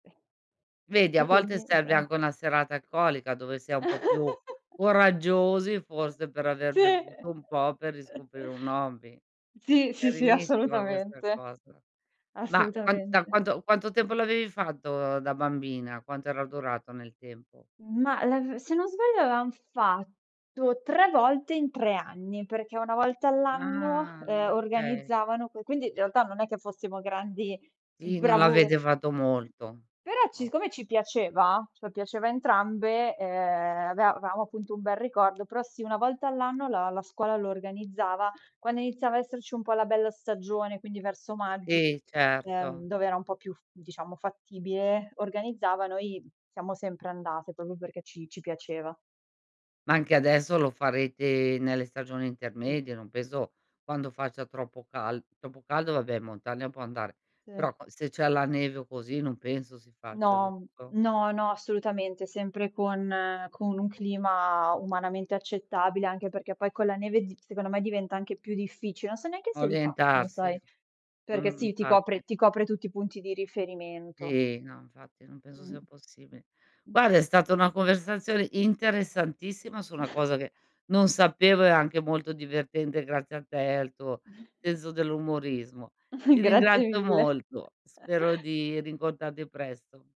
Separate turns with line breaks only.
Vedi a
E
volte
quindi
serve
etto: "Ah".
anche una serata alcolica dove si è un po' più coraggiosi, forse, per aver
Sì.
bevuto un po' per riscoprire un hobby.
Sì, sì, sì,
Carinissima questa
assolutamente,
cosa. Ma qua da
assolutamente.
quanto quanto tempo l'avevi fatto da bambina? Quanto era durato nel tempo?
Ma la v se non sbaglio avevam fatto 3 volte in 3 anni, perché una volta all'anno
Ah.
eh
Okay.
organizzavano que quindi in realtà non è che fossimo grandi
Sì, non
bravu
l'avete fatto molto.
però c
O
siccome ci piaceva, ce lo piaceva entrambe, eh aveva avevamo appunto un bel ricordo, però sì, una volta all'anno la la scuola lo organizzava. Quando iniziava a esserci un po' la bella stagione, quindi verso magg
Sì, certo.
ehm dove era un po' più f diciamo fattibile, organizzavano i siamo sempre andate proprio perché ci ci piaceva.
Ma anche adesso lo farete nelle stagioni
Sì.
intermedie, non penso quando faccia troppo cal troppo caldo vabbè in montagna può andare,
Sì.
però qua se c'è la neve o così, non penso si faccia,
No,
giusto?
no, no, assolutamente. Sempre con con un clima umanamente accettabile, anche perché poi con la neve di secondo me diventa anche più difficile. Non so neanche se li fa, lo
Orientarsi.
sai, perché
Mh,
sì, ti copre
infatti.
ti copre tutti i punti di riferimento.
Sì, no, infatti non penso
Mh.
sia possibile.
Mh.
Guarda è stata una conversazione interessantissima su una cosa che non sapevo e anche molto divertente grazie a te, al tuo senso dell'umorismo. Ti
Grazie
ringrazio
mille.
molto, spero di rincontrarti presto.